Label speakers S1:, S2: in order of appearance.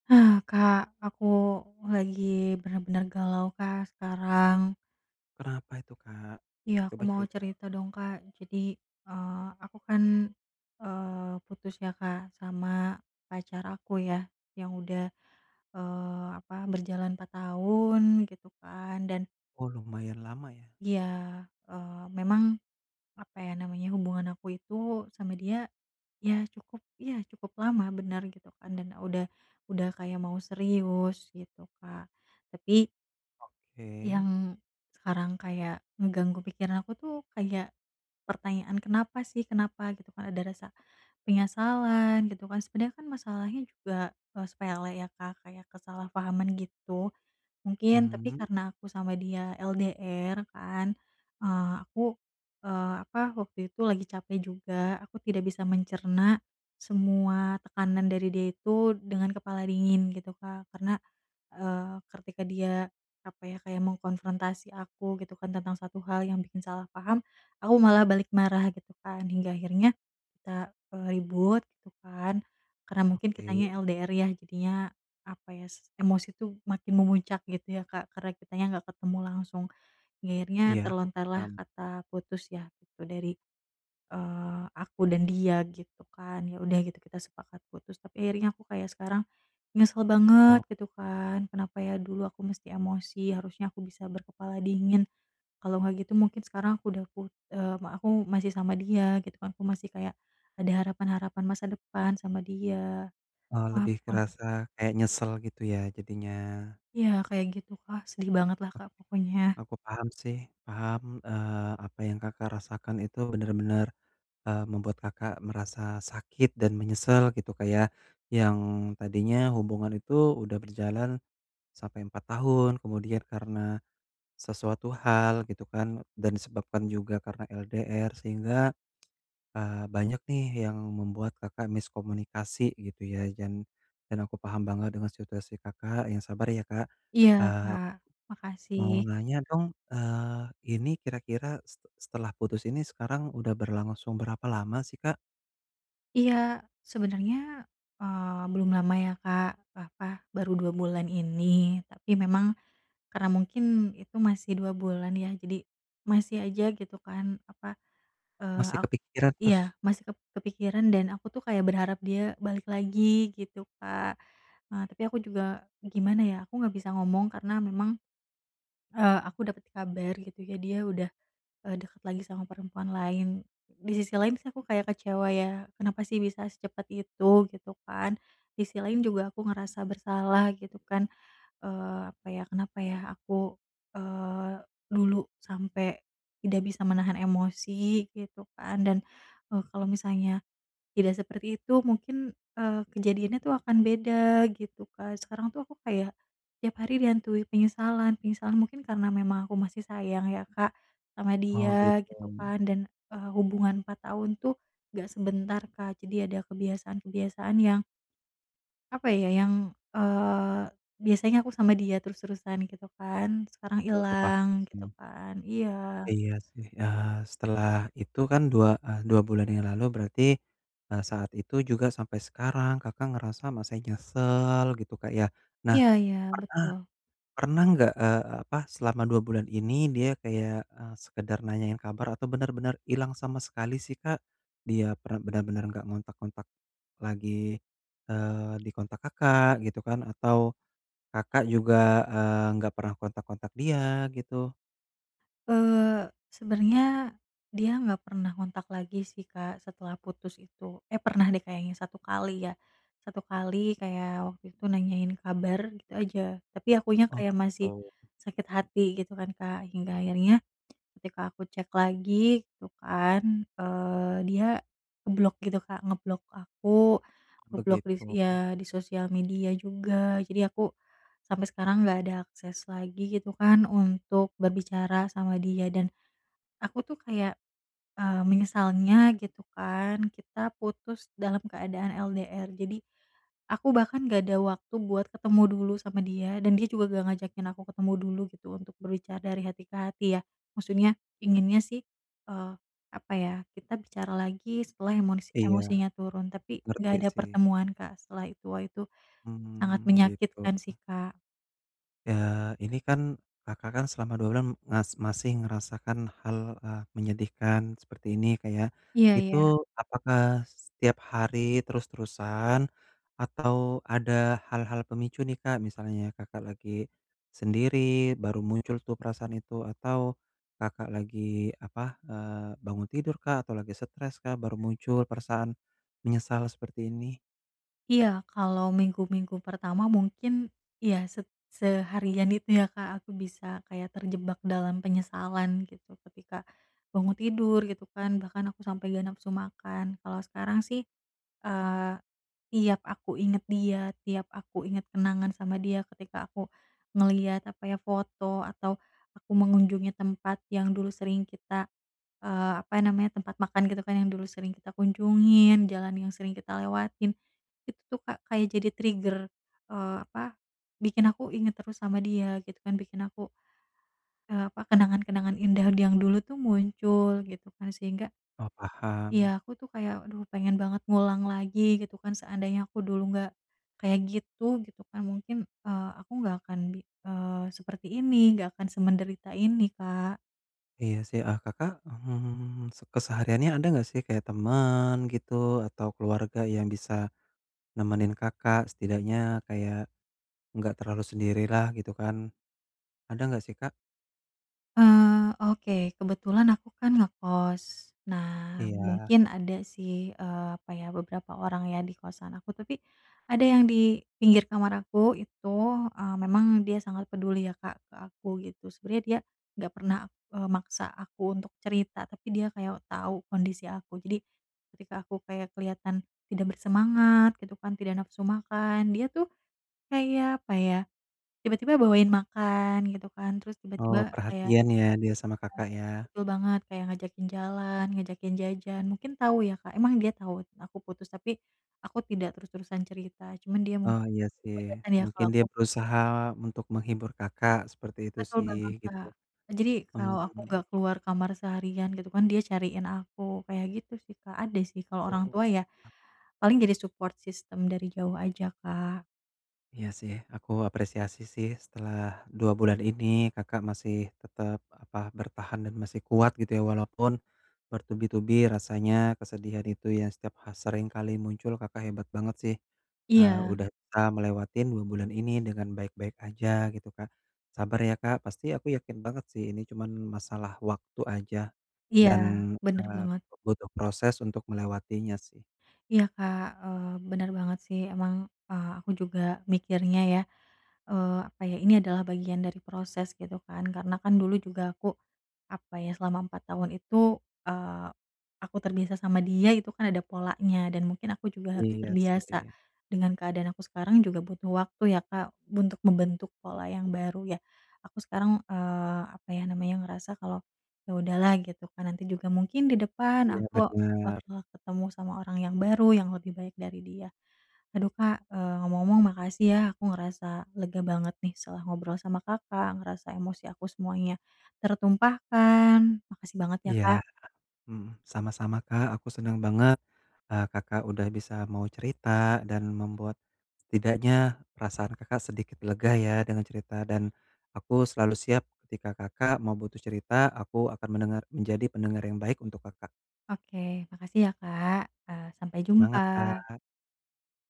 S1: Hah Kak, aku lagi bener-bener galau Kak sekarang.
S2: Kenapa itu Kak?
S1: Iya aku
S2: Coba
S1: mau
S2: cerita.
S1: cerita dong Kak. Jadi, eee, aku kan, eee, putus ya Kak sama pacar aku ya yang udah, eee, apa berjalan 4 tahun gitu kan, dan
S2: Oh lumayan lama ya?
S1: Iya, eee, memang apa ya namanya hubungan aku itu sama dia ya cukup ya cukup lama bener gitu kan dan udah udah kayak mau serius gitu Kak tapi
S2: Oke.
S1: yang sekarang kayak ngeganggu pikiran aku tuh kayak pertanyaan, "Kenapa sih, kenapa?" Gitu kan, ada rasa penyesalan gitu kan sebenernya kan masalahnya juga, eee, sepele ya Kak, kayak kesalahpahaman gitu, mungkin tapi
S2: Mhm.
S1: karena aku sama dia LDR kan, eee, aku, eee, apa waktu itu lagi capek juga, aku tidak bisa mencerna semua tekanan dari dia itu dengan kepala dingin gitu Kak, karena, eee, ketika dia apa ya kayak mengkonfrontasi aku gitu kan, tentang 1 hal yang bikin salah paham, aku malah balik marah gitu kan, hingga akhirnya kita, eee, ribut gitu kan, karena mungkin kitanya
S2: Oke.
S1: LDR ya jadinya apa ya, s emosi tuh makin memuncak gitu ya Kak, karena kitanya gak ketemu langsung, hingga akhirnya
S2: Iya, aku
S1: terlontarlah
S2: paham.
S1: kata putus ya gitu dari, eee, aku dan dia gitu kan, ya udah gitu kita sepakat putus, tapi akhirnya aku kayak sekarang nyesel banget
S2: Oh.
S1: gitu kan, kenapa ya dulu aku mesti emosi harusnya aku bisa berkepala dingin. Kalau nggak gitu mungkin sekarang aku udah put eee, ma aku masih sama dia gitu kan, aku masih kayak ada harapan-harapan masa depan sama dia.
S2: Oh
S1: Wah
S2: lebih
S1: [unintelligible]
S2: kerasa kayak nyesel gitu ya jadinya.
S1: Iya kayak gitu Kak, sedih banget lah Kak pokoknya.
S2: Aku paham sih paham, eee, apa yang Kakak rasakan itu bener-bener, eee, membuat Kakak merasa sakit dan menyesal gitu Kak ya, yang tadinya hubungan itu udah berjalan sampai 4 tahun. Kemudian, karena sesuatu hal gitu kan dan disebabkan juga karena LDR sehingga, eee, banyak nih yang membuat Kakak miskomunikasi gitu ya dan dan aku paham banget dengan situasi Kakak, yang sabar ya Kak,
S1: Iya
S2: eee,
S1: Kak,
S2: mau
S1: makasih.
S2: nanya dong, eee, ini kira-kira se setelah putus ini sekarang udah berlangsung berapa lama sih Kak?
S1: Iya sebenernya, eee, belum lama ya Kak, apa baru 2 bulan ini, tapi memang karena mungkin itu masih 2 bulan ya jadi masih aja gitu kan apa, eee,
S2: Masih
S1: ak
S2: kepikiran
S1: iya
S2: terus?
S1: masih kep kepikiran dan aku tuh kayak berharap dia balik lagi gitu Kak, eee, tapi aku juga gimana ya aku gak bisa ngomong karena memang, eee, aku dapat kabar gitu ya dia udah, eee, dekat lagi sama perempuan lain. Di sisi lain sih aku kayak kecewa ya kenapa sih bisa secepat itu gitu kan. Di sisi lain juga aku ngerasa bersalah gitu kan, eee, apa ya kenapa ya aku, eee, dulu sampai tidak bisa menahan emosi gitu kan dan, eee, kalau misalnya tidak seperti itu mungkin, eee, kejadiannya tuh akan beda gitu Kak, sekarang tuh aku kayak tiap hari dihantui penyesalan penyesalan mungkin karena memang aku masih sayang ya Kak sama
S2: Oh
S1: dia gitu
S2: gitu.
S1: kan, dan, eee, hubungan 4 tahun tuh gak sebentar Kak, jadi ada kebiasaan-kebiasaan yang apa ya? Yang, eee, biasanya aku sama dia terus-terusan gitu kan, sekarang
S2: Iya, aku paham
S1: hilang gitu
S2: sih.
S1: kan, iya.
S2: Iya sih, eee, setelah itu kan 2, eee, 2 bulan yang lalu berarti, eee, saat itu juga sampai sekarang Kakak ngerasa masih nyesel gitu Kak ya. Nah,
S1: Iya iya
S2: pernah
S1: betul.
S2: pernah nggak, eee, apa selama 2 bulan ini dia kayak, eee, sekedar nanyain kabar atau bener-bener ilang sama sekali sih Kak? Dia per bener-bener nggak ngontak-ngontak lagi, eee, dikontak Kakak gitu kan atau Kakak juga, eee, nggak pernah kontak-kontak dia, gitu?
S1: Eee, sebenernya, dia nggak pernah ngontak lagi sih Kak setelah putus itu. Eh, pernah deh kayaknya 1 kali ya, 1 kali kayak waktu itu nanyain kabar gitu aja, tapi akunya
S2: Oh
S1: kayak masih
S2: gitu.
S1: sakit hati gitu kan Kak, hingga akhirnya, ketika aku cek lagi gitu kan, eee dia ngeblok gitu Kak, ngeblok aku, ngeblok dis
S2: Begitu.
S1: iya di sosial media juga, jadi aku sampai sekarang nggak ada akses lagi gitu kan untuk berbicara sama dia, dan aku tuh kayak, eee, menyesalnya gitu kan kita putus dalam keadaan LDR jadi, aku bahkan gak ada waktu buat ketemu dulu sama dia dan dia juga gak ngajakin aku ketemu dulu gitu untuk berbicara dari hati ke hati ya, maksudnya, inginnya sih, eee, apa ya kita bicara lagi setelah emosi
S2: Iya,
S1: emosinya turun, tapi nggak
S2: ngerti
S1: ada
S2: sih.
S1: pertemuan Kak setelah itu. Wah, itu sangat
S2: Hmm, gitu.
S1: menyakitkan sih Kak.
S2: Ya, ini kan Kakak kan selama 2 bulan mas masih ngerasakan hal, eee, menyedihkan seperti ini Kak ya,
S1: Iya
S2: itu
S1: iya.
S2: apakah setiap hari terus-terusan atau ada hal-hal pemicu nih Kak? Misalnya, Kakak lagi sendiri baru muncul tuh perasaan itu, atau Kakak lagi apa, eee, bangun tidur kah atau lagi stres kah baru muncul perasaan menyesal seperti ini?
S1: Iya kalau minggu-minggu pertama mungkin ya se seharian itu ya Kak, aku bisa kayak terjebak dalam penyesalan gitu. Ketika bangun tidur gitu kan, bahkan aku sampai gak nafsu makan, kalau sekarang sih, eee, tiap aku ingat dia, tiap aku ingat kenangan sama dia, ketika aku ngeliat apa ya, foto atau aku mengunjungi tempat yang dulu sering kita, eee, apa ya namanya, tempat makan gitu kan yang dulu sering kita kunjungin, jalan yang sering kita lewatin, itu tuh Kak kayak jadi trigger, eee, apa, bikin aku inget terus sama dia gitu kan bikin aku, eee, apa kenangan-kenangan indah yang dulu tuh muncul gitu kan sehingga
S2: Oh, paham.
S1: iya aku tuh kayak aduh pengen banget ngulang lagi gitu kan seandainya aku dulu gak kayak gitu, gitu kan mungkin, eee, aku nggak akan bi eee, seperti ini, nggak akan semenderita ini Kak.
S2: Iya sih, eee, Kakak, mmm, se kesehariannya ada gak sih kayak temen gitu atau keluarga yang bisa nemenin Kakak setidaknya, kayak gak terlalu sendirilah gitu kan. Ada nggak sih Kak?
S1: Eee, oke kebetulan aku kan ngekos, nah
S2: Iya.
S1: mungkin ada sih, eee, apa ya beberapa orang ya di kosan aku, tapi ada yang di pinggir kamar aku itu, eee, memang dia sangat peduli ya Kak ke aku gitu, sebenernya dia nggak pernah, eee, maksa aku untuk cerita, tapi dia kayak tau kondisi aku, jadi ketika aku kayak kelihatan tidak bersemangat gitu kan, tidak nafsu makan, dia tuh kayak apa ya, tiba-tiba bawain makan gitu kan, terus
S2: Oh,
S1: tiba-tiba kayak
S2: perhatian ya dia sama
S1: iya,
S2: Kakak ya?
S1: betul banget. Kayak ngajakin jalan, ngajakin jajan mungkin tau ya Kak, emang dia tau aku putus, tapi aku tidak terus-terusan cerita, cuman dia
S2: Oh,
S1: mungkin
S2: iya sih.
S1: kelihatan ya kalo
S2: Mungkin dia
S1: aku
S2: berusaha untuk menghibur Kakak, seperti itu
S1: Betul
S2: sih,
S1: banget
S2: gitu.
S1: Kak, jadi kalo aku
S2: Hmm.
S1: gak keluar kamar seharian gitu kan, dia cariin aku kayak gitu sih Kak, ada sih kalo
S2: Oh,
S1: orang tua ya,
S2: ah.
S1: paling jadi support system dari jauh aja Kak.
S2: Iya sih. Aku apresiasi sih setelah 2 bulan ini Kakak masih tetep apa bertahan dan masih kuat gitu ya, walaupun bertubi-tubi rasanya kesedihan itu ya, setiap ha seringkali muncul Kakak hebat banget sih, eee,
S1: Iya.
S2: udah bisa melewatin 2 bulan ini dengan baik-baik aja gitu Kak. Sabar ya Kak, pasti aku yakin banget sih ini cuman masalah waktu aja
S1: Iya
S2: dan,
S1: bener
S2: eee,
S1: banget.
S2: butuh proses untuk melewatinya sih.
S1: Iya Kak, eee, bener banget sih emang, eee, aku juga mikirnya ya, eee, apa ya ini adalah bagian dari proses gitu kan karena kan dulu juga aku apa ya, selama 4 tahun itu, eee, aku terbiasa sama dia itu kan ada polanya dan mungkin aku juga harus
S2: Iya
S1: terbiasa
S2: sih.
S1: dengan keadaan aku sekarang juga butuh waktu ya Kak, untuk membentuk pola yang baru ya, aku sekarang, eee, apa ya namanya ngerasa kalau ya udahlah gitu kan nanti juga mungkin di depan
S2: Iya
S1: aku
S2: bener
S1: waktu ketemu sama orang yang baru yang lebih baik dari dia. Aduh Kak, eee, ngomong-ngomong makasih ya aku ngerasa lega banget nih setelah ngobrol sama Kakak, ngerasa emosi aku semuanya tertumpahkan. Makasih banget ya
S2: Iya,
S1: Kak.
S2: mmm, sama-sama Kak aku seneng banget, eee, Kakak udah bisa mau cerita dan membuat setidaknya perasaan Kakak sedikit lega ya dengan cerita, dan aku selalu siap ketika Kakak mau butuh cerita aku akan mendengar, menjadi pendengar yang baik untuk Kakak.
S1: Oke makasih ya Kak, eee, sampai
S2: Semangat
S1: jumpa.
S2: Kak.